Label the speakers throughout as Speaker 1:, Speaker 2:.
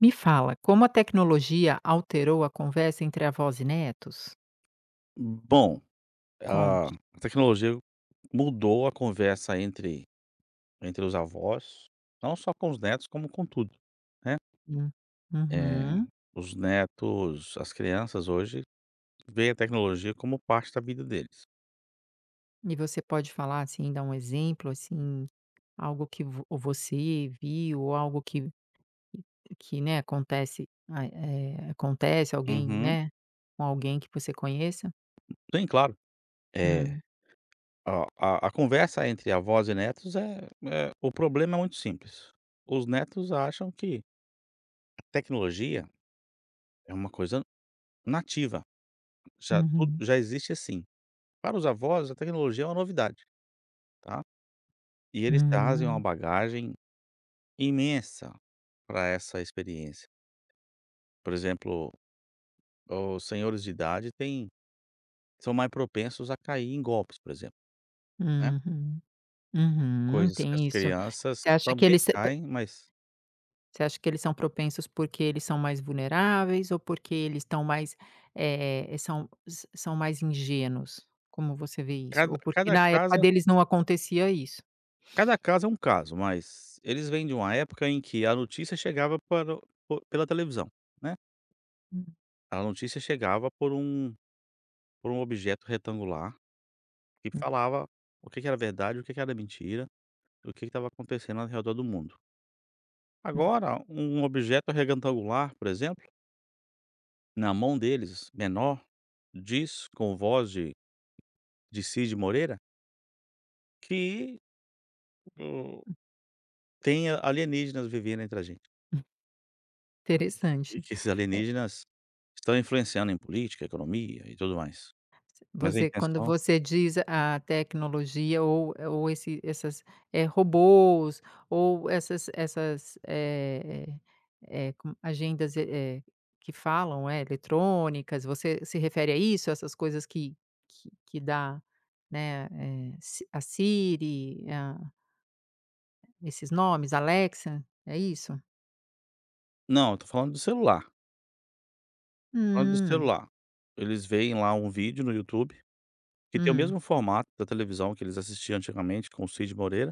Speaker 1: Me fala, como a tecnologia alterou a conversa entre avós e netos?
Speaker 2: Bom, a
Speaker 1: Conte.
Speaker 2: a tecnologia mudou a conversa entre entre os avós, não só com os netos como com tudo, né.
Speaker 1: Hum.
Speaker 2: Eh,
Speaker 1: Uhum.
Speaker 2: os netos as crianças hoje, veem a tecnologia como parte da vida deles.
Speaker 1: E você pode falar, assim, dar um exemplo, assim, algo que vo você viu ou algo que que, né, acontece a eh, acontece, alguém
Speaker 2: Uhum.
Speaker 1: né, com alguém que você conheça?
Speaker 2: Tem claro. É,
Speaker 1: Hum.
Speaker 2: a a a conversa entre avós e netos é é o problema é muito simples. Os netos acham que a tecnologia, é uma coisa nativa, já tudo
Speaker 1: Uhum.
Speaker 2: já existe, assim. Para os avós a tecnologia é uma novidade, tá. E eles trazem uma
Speaker 1: Hum.
Speaker 2: bagagem imensa para essa experiência. Por exemplo, os senhores de idade têm são mais propensos a cair em golpes, por exemplo, né.
Speaker 1: Uhum. Uhum.
Speaker 2: Coisas que
Speaker 1: Tem
Speaker 2: as
Speaker 1: isso.
Speaker 2: crianças
Speaker 1: Você acha que
Speaker 2: também
Speaker 1: eles são p
Speaker 2: caem, mas
Speaker 1: você acha que eles são propensos, porque eles são mais vulneráveis ou porque eles estão mais eh, são s são mais ingênuos, como você vê isso?
Speaker 2: Cada
Speaker 1: Ou porque
Speaker 2: cada
Speaker 1: na época
Speaker 2: casa
Speaker 1: deles não acontecia isso?
Speaker 2: Cada caso é um caso, mas eles vêm de uma época em que a notícia chegava para o por pela televisão, né.
Speaker 1: Hum.
Speaker 2: A notícia chegava por um por um objeto retangular, que
Speaker 1: Hum.
Speaker 2: falava o que que era verdade, o que que era mentira, e o que que estava acontecendo ao redor do mundo.
Speaker 1: Hum.
Speaker 2: Agora um objeto retangular, por exemplo Na mão deles menor, diz com voz de de Cid Moreira? Que o
Speaker 1: Hum.
Speaker 2: tem alienígenas vivendo entre a gente
Speaker 1: Hunf.
Speaker 2: e
Speaker 1: Interessante,
Speaker 2: que esses
Speaker 1: eh.
Speaker 2: alienígenas estão influenciando em política, economia e tudo mais. Mas a
Speaker 1: Você quando
Speaker 2: intenção
Speaker 1: você diz a tecnologia ou ou esse essas, eh, robôs, ou essas essas, eh eh, com agendas, eh, que falam é, eletrônicas, você se refere a isso, essas coisas que que que dá, né, eh, si a Siri, a esses nomes Alexa, é isso?
Speaker 2: Não, eu estou falando do celular estou falando do
Speaker 1: Hum.
Speaker 2: celular. Eles veem lá um vídeo no YouTube, que tem o
Speaker 1: Hum.
Speaker 2: mesmo formato da televisão que eles assistiam antigamente com o Cid Moreira,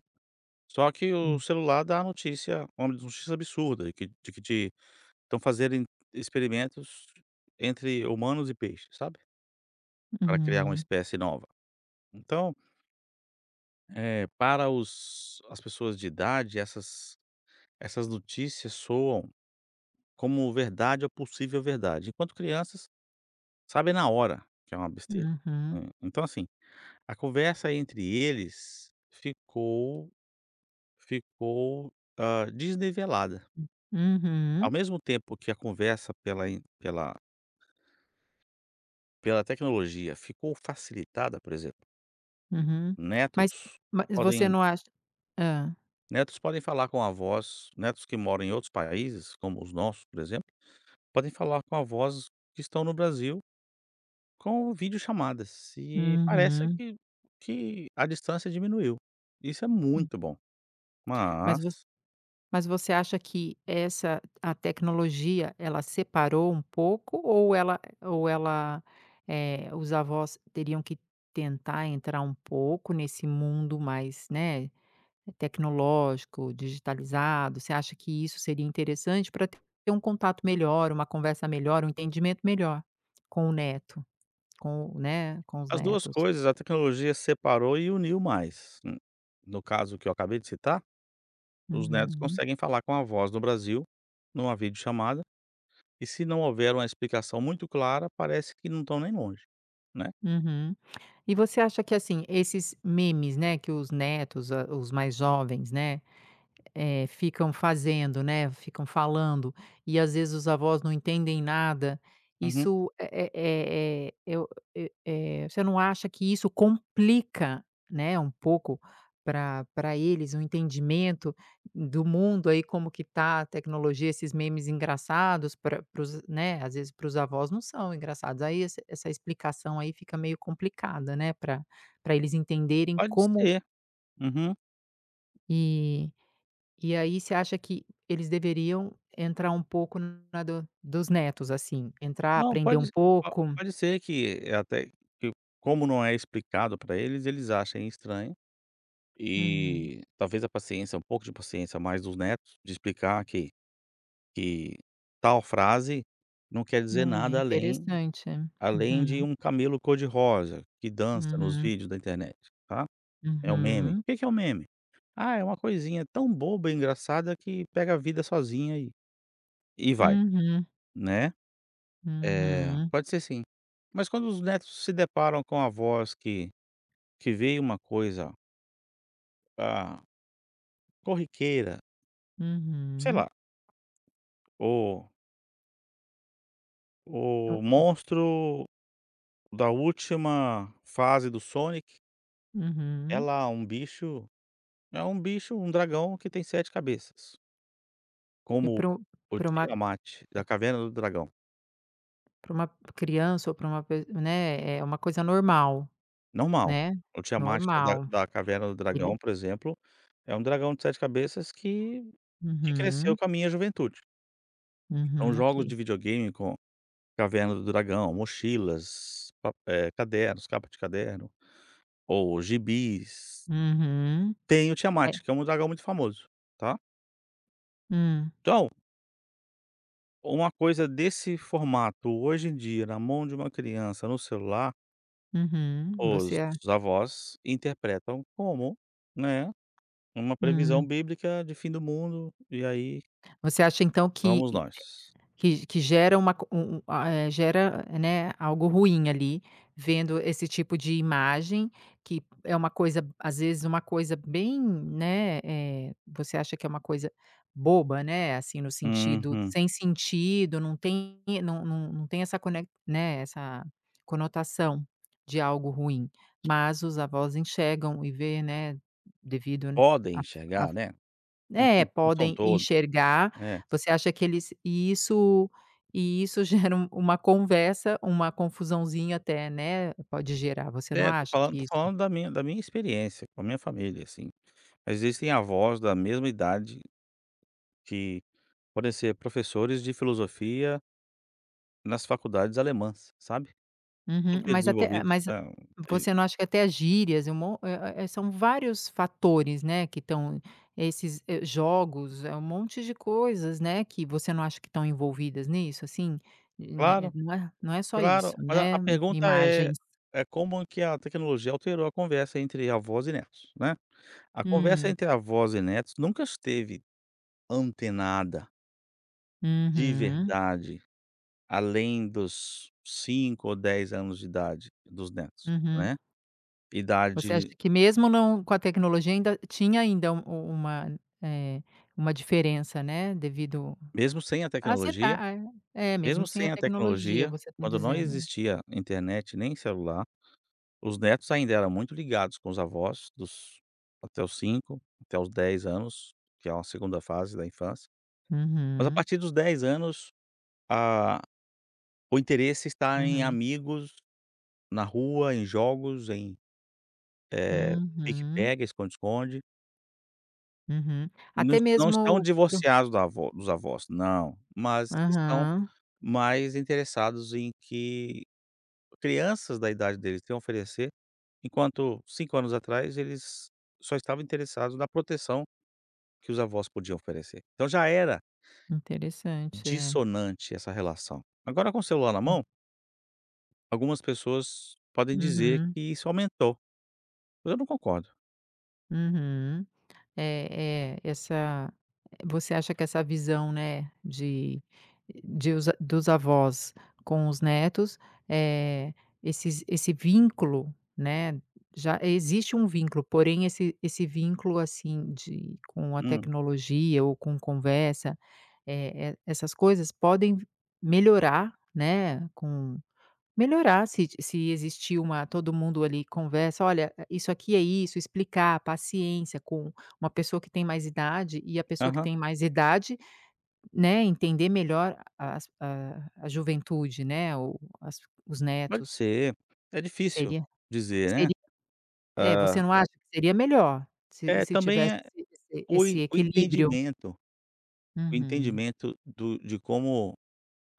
Speaker 2: só que o
Speaker 1: Hum.
Speaker 2: celular dá a notícia, uma notícia absurda e que de que te estão fazerem experimentos entre humanos e peixes, sabe. Para criar uma
Speaker 1: Hum.
Speaker 2: espécie nova, então É, para os as pessoas de idade essas essas notícias soam como verdade ou possível verdade, enquanto crianças sabem na hora que é uma besteira,
Speaker 1: Uhum.
Speaker 2: hã, então, assim, a conversa entre eles ficou ficou, hã, desnivelada ao
Speaker 1: uhum.
Speaker 2: mesmo tempo que a conversa pela in, pela pela tecnologia ficou facilitada, por exemplo
Speaker 1: Uhum mas
Speaker 2: netos
Speaker 1: mas você
Speaker 2: podem
Speaker 1: não acha hã.
Speaker 2: netos podem falar com avós, netos que moram em outros países, como os nossos, por exemplo, podem falar com avós que estão no Brasil com videochamadas, e parece
Speaker 1: Uhum.
Speaker 2: que que a distância diminuiu. Isso é
Speaker 1: Hum.
Speaker 2: muito bom.
Speaker 1: Mas você
Speaker 2: Mas
Speaker 1: mas você acha que essa a tecnologia ela separou um pouco ou ela ou ela, eh, os avós teriam que tentar entrar um pouco nesse mundo mais, né, tecnológico, digitalizado, você acha que isso seria interessante para ter um contato melhor, uma conversa melhor um entendimento melhor com o neto, com o, né, com os
Speaker 2: As duas
Speaker 1: netos?
Speaker 2: coisas, a tecnologia separou e uniu mais, hum, no caso que eu acabei de citar os netos
Speaker 1: Uhum.
Speaker 2: conseguem falar com avós do Brasil em uma videochamada e se não houver uma explicação muito clara, parece que não estão nem longe, né?
Speaker 1: Uhum, e você acha que assim, esses memes, né, que os netos, a, os mais jovens, né, eh, ficam fazendo, né, ficam falando, e às vezes os avós não entendem nada,
Speaker 2: Uhum.
Speaker 1: isso é é é eu eu eh, você não acha que isso complica, né, um pouco para, para eles o entendimento do mundo aí como que tá a tecnologia, esses memes engraçados para para os, né às vezes para os avós não são engraçados, aí esse, essa explicação aí fica meio complicada, né, para, para eles entenderem
Speaker 2: Pode
Speaker 1: como
Speaker 2: ser, uhum.
Speaker 1: E, e aí você acha que eles deveriam entrar um pouco na do dos netos assim, entrar,
Speaker 2: Não,
Speaker 1: aprender
Speaker 2: pode
Speaker 1: um
Speaker 2: ser a
Speaker 1: pouco?
Speaker 2: -pode ser que é até, que como não é explicado para eles, eles achem estranho,
Speaker 1: Hum.
Speaker 2: e talvez a paciência, um pouco de paciência mais dos netos de explicar que, que tal frase não quer dizer
Speaker 1: Né,
Speaker 2: nada além,
Speaker 1: interessante.
Speaker 2: além de
Speaker 1: Uhum.
Speaker 2: um camelo cor-de-rosa que dança nos
Speaker 1: Uhum.
Speaker 2: vídeos da internet, tá. É um meme, o
Speaker 1: Uhum.
Speaker 2: que que é um meme? Ah, é uma coisinha tão boba, engraçada, que pega a vida sozinha, eh, e vai
Speaker 1: Uhum.
Speaker 2: né eh,
Speaker 1: Uhum.
Speaker 2: pode ser sim. Mas quando os netos se deparam com avós que, que veem uma coisa ah, corriqueira. Sei
Speaker 1: Uhum.
Speaker 2: lá. O o
Speaker 1: [unintelligible]
Speaker 2: monstro da última fase do Sonic é
Speaker 1: Uhum.
Speaker 2: lá um bicho, é um bicho, um dragão que tem 7 cabeças.
Speaker 1: E
Speaker 2: Como
Speaker 1: para o,
Speaker 2: o
Speaker 1: para uma
Speaker 2: Tiamat da Caverna do Dragão.
Speaker 1: Para uma criança ou para uma pe né, é uma coisa normal,
Speaker 2: Normal.
Speaker 1: né,
Speaker 2: O Tiamat da
Speaker 1: normal,
Speaker 2: da Caverna do Dragão,
Speaker 1: ele
Speaker 2: por exemplo, é um dragão de 7 cabeças que, que cresceu
Speaker 1: Uhum.
Speaker 2: com a minha juventude. Então
Speaker 1: Uhum,
Speaker 2: jogos de
Speaker 1: ok.
Speaker 2: videogame com caverna do dragão, mochilas, papé cadernos, capa de caderno, ou gibis
Speaker 1: Uhum,
Speaker 2: tem o
Speaker 1: é.
Speaker 2: Tiamat que é um dragão muito famoso, tá.
Speaker 1: Hum.
Speaker 2: Então ou uma coisa desse formato hoje em dia na mão de uma criança no celular
Speaker 1: Uhum.
Speaker 2: os
Speaker 1: Você a
Speaker 2: avós interpretam como, né, uma previsão
Speaker 1: Hum.
Speaker 2: bíblica de fim do mundo, e aí
Speaker 1: Você acha então que
Speaker 2: fomos nós.
Speaker 1: que que gera uma co um um eh, gera, né, algo ruim ali, vendo esse tipo de imagem, que é uma coisa às vezes uma coisa bem, né, eh, você acha que é uma coisa boba, né, assim, no sentido
Speaker 2: Uhum.
Speaker 1: sem sentido, não tem, não não não tem essa conec né, essa conotação de algo ruim, mas os avós enxergam e vê, né, devido
Speaker 2: Podem
Speaker 1: a a
Speaker 2: enxergar, né, não
Speaker 1: né,
Speaker 2: são não
Speaker 1: podem
Speaker 2: todos,
Speaker 1: enxergar,
Speaker 2: é.
Speaker 1: você acha que eles, e isso, e isso gera uma, uma conversa, uma confusãozinha até, né, pode gerar, você não
Speaker 2: É, estou
Speaker 1: acha
Speaker 2: falando
Speaker 1: que
Speaker 2: estou
Speaker 1: isso
Speaker 2: falando da minha, da minha experiência com a minha família assim. Mas existem avós da mesma idade que podem ser professores de filosofia nas faculdades alemãs, sabe.
Speaker 1: Uhum
Speaker 2: Super
Speaker 1: mas até
Speaker 2: desenvolvidos.
Speaker 1: mas
Speaker 2: [unintelligible]
Speaker 1: você não acha que até gírias, e um monte ué ué são vários fatores, né, que estão, esses jogos, é um monte de coisas, né, que você não acha que estão envolvidas nisso assim, né
Speaker 2: Claro
Speaker 1: não é só isso,
Speaker 2: claro, olha, a
Speaker 1: né,
Speaker 2: pergunta eh,
Speaker 1: imagens.
Speaker 2: é como que a tecnologia alterou a conversa entre avós e netos, né. A conversa
Speaker 1: Hum.
Speaker 2: entre avós e netos nunca esteve antenada. De
Speaker 1: Uhum.
Speaker 2: verdade, além dos 5 ou 10 anos de idade dos netos,
Speaker 1: Uhum.
Speaker 2: né.
Speaker 1: Você acha
Speaker 2: Idade
Speaker 1: que mesmo não com a tecnologia ainda tinha ainda um uma eh, uma diferença, né, devido
Speaker 2: Mesmo sem a
Speaker 1: às eta
Speaker 2: tecnologia
Speaker 1: ah, é? É,
Speaker 2: mesmo
Speaker 1: mesmo sem a
Speaker 2: sem a
Speaker 1: tecnologia
Speaker 2: tecnologia,
Speaker 1: você está
Speaker 2: quando não
Speaker 1: dizendo.
Speaker 2: existia internet nem celular, os netos ainda eram muito ligados com os avós, dos até os 5 até os 10 anos, que é uma 2º fase da infância. Mas a
Speaker 1: Uhum.
Speaker 2: partir dos 10 anos, a o interesse está em
Speaker 1: Uhum.
Speaker 2: amigos, na rua, em jogos, em, eh,
Speaker 1: Uhum.
Speaker 2: pique-pega, esconde-esconde.
Speaker 1: Uhum.
Speaker 2: Nã
Speaker 1: Até
Speaker 2: não estão
Speaker 1: mesmo, para o
Speaker 2: divorciados da avó dos avós, não, mas estão
Speaker 1: Aham.
Speaker 2: mais interessados em que crianças da idade deles têm a oferecer, enquanto 5 anos atrás eles só estavam interessados na proteção que os avós podiam oferecer. Então já era
Speaker 1: Interessante. É.
Speaker 2: dissonante essa relação. Agora com o celular na
Speaker 1: Hum.
Speaker 2: mão Algumas pessoas podem dizer
Speaker 1: Uhum.
Speaker 2: que isso aumentou, mas eu não concordo.
Speaker 1: Uhum. É, é, essa eh, você acha que essa visão, né, de de os dos avós com os netos, eh, esses esse vínculo né, já existe um vínculo, porém, esse esse vínculo, assim, de com a
Speaker 2: Hum.
Speaker 1: tecnologia ou com conversa, eh eh, essas coisas podem melhorar, né, com melhorar se ti se existir uma todo mundo ali conversa: "Olha, é isso aqui é isso", explicar a paciência com uma pessoa que tem mais idade e a pessoa que
Speaker 2: Aham.
Speaker 1: tem mais idade, né, entender melhor a as a a juventude, né, o as os
Speaker 2: Pode
Speaker 1: netos.
Speaker 2: ser. É difícil
Speaker 1: Seria
Speaker 2: dizer, né.
Speaker 1: seria é, você
Speaker 2: É.
Speaker 1: não acha que seria melhor, se
Speaker 2: É,
Speaker 1: se
Speaker 2: também
Speaker 1: tivesse
Speaker 2: é
Speaker 1: esse
Speaker 2: o en
Speaker 1: esse
Speaker 2: o
Speaker 1: equilíbrio?
Speaker 2: entendimento o
Speaker 1: Uhum.
Speaker 2: entendimento do de como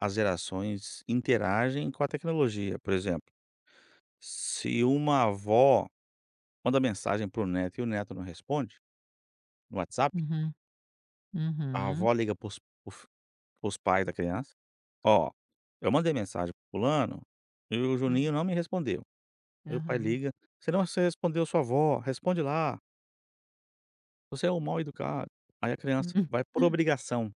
Speaker 2: as gerações interagem com a tecnologia. Por exemplo, se uma avó, manda mensagem para o neto e o neto não responde, no WhatsApp
Speaker 1: Uhum.
Speaker 2: a
Speaker 1: Uhum.
Speaker 2: avó liga para os para os para os pais da criança: "Ó, eu mandei mensagem para o fulano, e o
Speaker 1: Hum.
Speaker 2: Juninho não me respondeu". Aí o pai
Speaker 1: Aham.
Speaker 2: liga: "Você não você respondeu sua avó, responde lá". Você é um mal-educado. Aí a criança
Speaker 1: Hum,
Speaker 2: vai por
Speaker 1: ah.
Speaker 2: obrigação.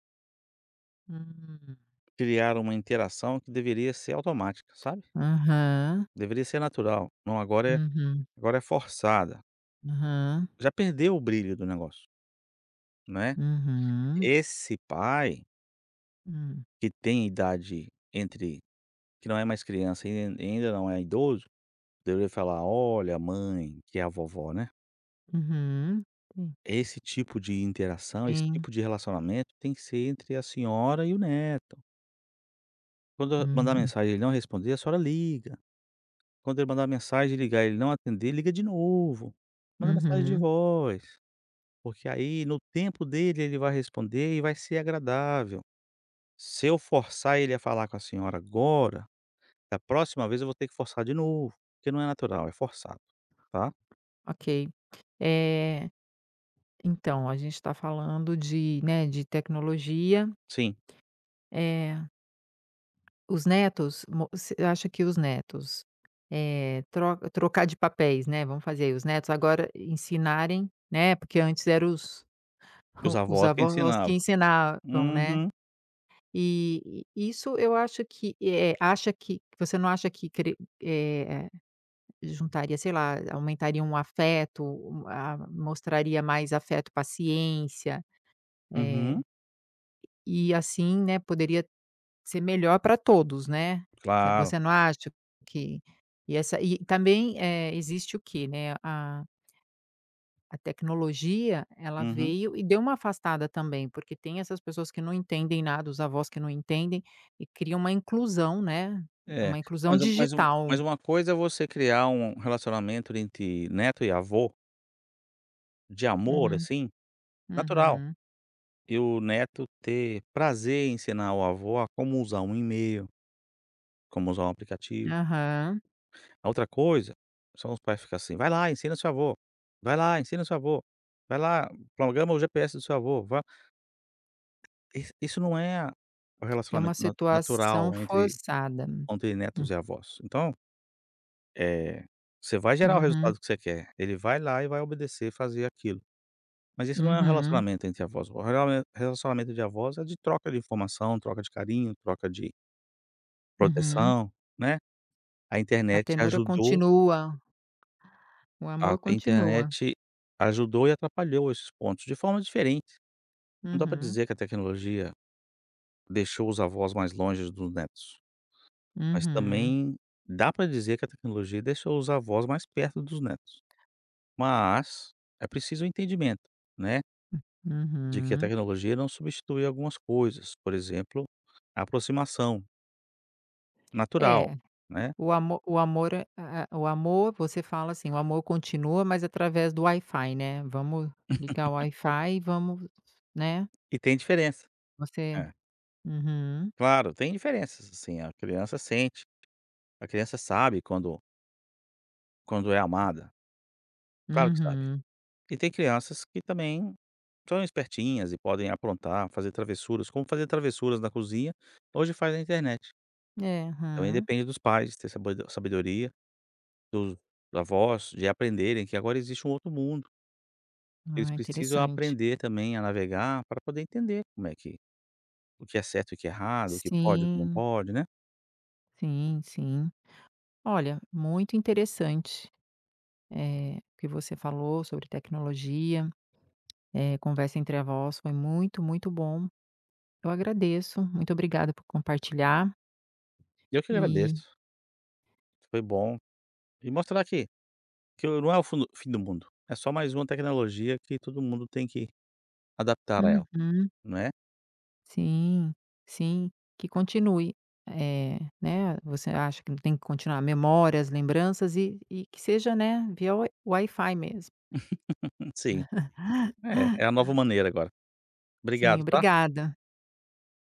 Speaker 1: Hum.
Speaker 2: Criar uma interação que deveria ser automática, sabe.
Speaker 1: Aham.
Speaker 2: Deveria ser natural, não, agora é
Speaker 1: Uhum.
Speaker 2: agora é forçada.
Speaker 1: Aham.
Speaker 2: Já perdeu o brilho do negócio não é.
Speaker 1: Uhum.
Speaker 2: Esse pai
Speaker 1: Hum.
Speaker 2: que tem idade entre, que não é mais criança e e ainda não é idoso deveria falar: "Olha, a mãe, que é a vovó, né".
Speaker 1: Uhum hum.
Speaker 2: "É, esse tipo de interação, esse
Speaker 1: Sim.
Speaker 2: tipo de relacionamento tem que ser entre a senhora e o neto". Quando eu mandar
Speaker 1: Uhum.
Speaker 2: mensagem e ele não responder, a senhora liga. Quando ele mandar mensagem e ligar e ele não atender, liga de novo. Manda mensagem de
Speaker 1: Uhum.
Speaker 2: voz. Porque aí no tempo dele ele vai responder e vai ser agradável. Se eu forçar ele a falar com a senhora agora, da próxima vez eu vou ter que forçar de novo, porque não é natural, é forçado, tá.
Speaker 1: Ok, eh então a gente está falando de, né, de tecnologia
Speaker 2: Sim.
Speaker 1: É os netos mo você acha que os netos, eh, trocar de papéis, né, vamos fazer os netos agora ensinarem, né, porque antes eram os
Speaker 2: E os
Speaker 1: os
Speaker 2: avós que
Speaker 1: avós que
Speaker 2: ensinavam.
Speaker 1: ensinavam, né
Speaker 2: uhum.
Speaker 1: e, e isso eu acho que, eh, acha que, que você não acha que, eh, juntaria, sei lá, aumentariam o afeto, o-a-mostraria mais afeto, paciência eh
Speaker 2: Uhum.
Speaker 1: e assim, né, poderia ser melhor para todos, né.
Speaker 2: Claro.
Speaker 1: Você não acha que, e essa, e também, eh, existe o quê, né, a a tecnologia ela
Speaker 2: Uhum.
Speaker 1: veio e deu uma afastada também porque tem essas pessoas que não entendem nada, os avós que não entendem, e cria uma inclusão, né,
Speaker 2: É,
Speaker 1: uma inclusão
Speaker 2: mas mas uma, mas
Speaker 1: digital.
Speaker 2: uma coisa é você criar um relacionamento entre neto e avô de amor
Speaker 1: Uhum,
Speaker 2: assim, natural
Speaker 1: uhum.
Speaker 2: e o neto ter prazer em ensinar o avô a como usar um e-mail como usar um aplicativo
Speaker 1: Aham.
Speaker 2: a outra coisa, são os pais ficar assim, vai lá ensina seu avô, vai lá ensina seu avô, vai lá, programa o GPS do seu avô isso isso não é a o
Speaker 1: É uma
Speaker 2: relacionamento na
Speaker 1: situação
Speaker 2: natural entre,
Speaker 1: forçada,
Speaker 2: entre
Speaker 1: hum.
Speaker 2: netos e avós, então, eh, você vai gerar o
Speaker 1: Uhum.
Speaker 2: resultado que você quer, ele vai lá e vai obedecer, fazer aquilo. Mas isso não é um
Speaker 1: Uhum.
Speaker 2: relacionamento entre avós, [unintelligible] o relacionamento de avós é de troca de informação, troca de carinho, troca de
Speaker 1: Uhum.
Speaker 2: proteção, né. A
Speaker 1: A
Speaker 2: internet
Speaker 1: ternura
Speaker 2: ajudou
Speaker 1: continua. O
Speaker 2: a
Speaker 1: amor continua.
Speaker 2: internet ajudou e atrapalhou esses pontos de formas diferentes. Não dá para
Speaker 1: Uhum.
Speaker 2: dizer que a tecnologia deixou os avós mais longe dos netos mas
Speaker 1: Uhum.
Speaker 2: também dá para dizer que a tecnologia deixou os avós mais perto dos netos. Mas é preciso o entendimento, né de que a
Speaker 1: Uhum.
Speaker 2: tecnologia não substitui algumas coisas, por exemplo, a aproximação. Natural,
Speaker 1: É,
Speaker 2: né.
Speaker 1: o amor o amor é a o amor você fala assim, o amor continua, mas através do Wi-Fi né, vamos ligar o Wi-Fi e vamos, né.
Speaker 2: E tem diferença
Speaker 1: Você
Speaker 2: é.
Speaker 1: uhum.
Speaker 2: Claro, tem diferenças, assim, a criança sente a criança sabe quando quando é amada. Claro que sabe,
Speaker 1: Uhum.
Speaker 2: e tem crianças que também são espertinhas e podem aprontar. Fazer travessuras, como fazer travessuras na cozinha, hoje faz na internet.
Speaker 1: É
Speaker 2: Também
Speaker 1: hã.
Speaker 2: depende dos pais ter sabedo sabedoria, dos avós de aprenderem que agora existe um outro mundo. Eles
Speaker 1: Ah,
Speaker 2: precisam
Speaker 1: interessante.
Speaker 2: aprender também a navegar pra poder entender como é que o que é certo e o que é errado, o que pode e como não
Speaker 1: Sim.
Speaker 2: pode, né.
Speaker 1: Sim, sim. Olha, muito interessante, eh, o que você falou sobre tecnologia, eh, conversa entre avós foi muito, muito bom. Eu agradeço, muito obrigada por compartilhar.
Speaker 2: Eu que
Speaker 1: E
Speaker 2: agradeço. Foi bom e mostrar que que o não é o fundo o fim do mundo, é só mais uma tecnologia que todo mundo tem que adaptar a ela,
Speaker 1: Uhum.
Speaker 2: né.
Speaker 1: Sim, sim. Que continue, eh, né você acha que não tem que continuar memórias, lembranças e e que seja, né, via wi Wi-Fi mesmo.
Speaker 2: Sim, é é a nova maneira agora.
Speaker 1: Sim,
Speaker 2: Obrigado, tá.
Speaker 1: obrigada.